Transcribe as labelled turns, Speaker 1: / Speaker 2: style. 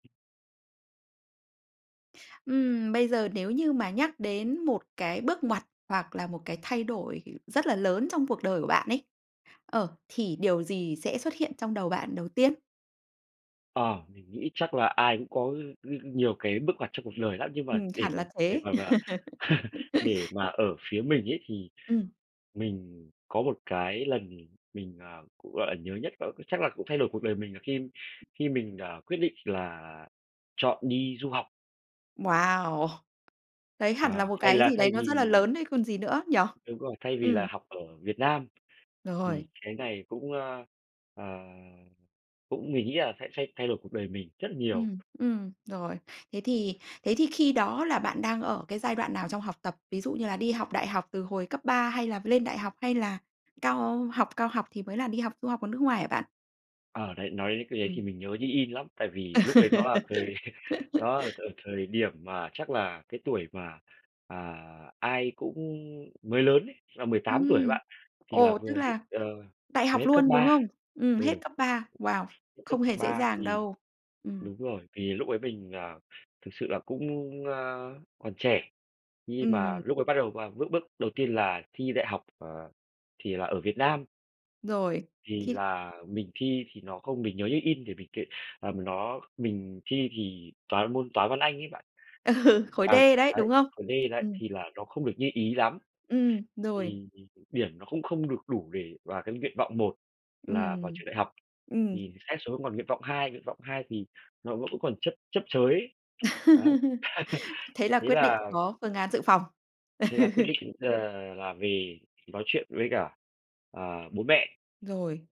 Speaker 1: Ừm, bây giờ nếu như mà nhắc đến một cái bước ngoặt hoặc là một cái thay đổi, ờ, rất là lớn trong cuộc đời của bạn ấy, ờ, thì điều gì sẽ xuất hiện trong đầu bạn đầu tiên?
Speaker 2: Ờ, mình nghĩ chắc là ai cũng có những những nhiều cái bước ngoặt trong cuộc đời lắm, nhưng mà
Speaker 1: Ừm,
Speaker 2: để
Speaker 1: hẳn
Speaker 2: mà
Speaker 1: là
Speaker 2: để
Speaker 1: thế.
Speaker 2: mà mà để mà ở phía mình ấy, thì
Speaker 1: Ừm.
Speaker 2: mình có một cái lần mình, ờ, cũng, gọi là, nhớ nhất đó chắc là cũng thay đổi cuộc đời mình là khi khi mình, ờ, quyết định là chọn đi du học.
Speaker 1: Wow! Đấy hẳn là
Speaker 2: À,
Speaker 1: một
Speaker 2: thay
Speaker 1: cái
Speaker 2: là
Speaker 1: gì đấy
Speaker 2: thay
Speaker 1: nó rất là
Speaker 2: vì
Speaker 1: lớn đấy, còn gì nữa, nhỉ?
Speaker 2: Đúng rồi, thay vì
Speaker 1: Ừm.
Speaker 2: là học ở Việt Nam,
Speaker 1: Rồi.
Speaker 2: thì cái này cũng, ơ, ờ, cũng mình nghĩ là sẽ sẽ thay đổi cuộc đời mình rất là nhiều.
Speaker 1: Ừm, ừm, rồi. Thế thì thế thì khi đó là bạn đang ở cái giai đoạn nào trong học tập? Ví dụ như là đi học đại học từ hồi cấp 3 hay là lên đại học hay là cao học cao học thì mới là đi học du học ở nước ngoài hả bạn?
Speaker 2: Ờ, đấy, nói đến cái đấy
Speaker 1: Ừm.
Speaker 2: thì mình nhớ như in lắm, tại vì lúc đấy nó là thời nó thời thời điểm mà chắc là cái tuổi mà, à, ai cũng mới lớn ấy, là 18 tuổi ấy
Speaker 1: Ừm.
Speaker 2: bạn, thì là
Speaker 1: Ồ,
Speaker 2: vừa
Speaker 1: tức
Speaker 2: hết,
Speaker 1: là
Speaker 2: ờ
Speaker 1: đại
Speaker 2: vừa
Speaker 1: học
Speaker 2: hết cấp
Speaker 1: luôn, đúng
Speaker 2: 3,
Speaker 1: không? Ừm, hết
Speaker 2: ừ.
Speaker 1: cấp 3. Wow!
Speaker 2: Cấp
Speaker 1: Không hề dễ
Speaker 2: 3
Speaker 1: dàng
Speaker 2: thì
Speaker 1: đâu. Ừm.
Speaker 2: đúng rồi, thì lúc ấy mình, à, thực sự là cũng, ơ, còn trẻ, khi mà
Speaker 1: Ừm.
Speaker 2: lúc ấy bắt đầu mà bước bước đầu tiên là thi đại học, ờ, thì là ở Việt Nam.
Speaker 1: Rồi,
Speaker 2: Thì
Speaker 1: thì
Speaker 2: là mình thi thì nó không mình nhớ như in, để mình kể, ờm, nó mình thi thì toán môn toán, văn, anh ấy bạn.
Speaker 1: Ừ, khối D
Speaker 2: À,
Speaker 1: đấy,
Speaker 2: ấy,
Speaker 1: đúng không?
Speaker 2: khối D đấy
Speaker 1: Ừm.
Speaker 2: thì là nó không được như ý lắm.
Speaker 1: Ừm, rồi.
Speaker 2: Thì điểm nó cũng không được đủ để vào cái nguyện vọng 1 là vào
Speaker 1: Ừm,
Speaker 2: trường đại học,
Speaker 1: ừm.
Speaker 2: thì xét xuống còn nguyện vọng 2, nguyện vọng 2 thì nó vẫn vẫn còn chấp chấp chới. Ấy,
Speaker 1: Thế là
Speaker 2: thế
Speaker 1: quyết định
Speaker 2: là
Speaker 1: có phương án dự phòng.
Speaker 2: Thế là quyết định, ờ, là về nói chuyện với cả, ờ, bố mẹ.
Speaker 1: Rồi.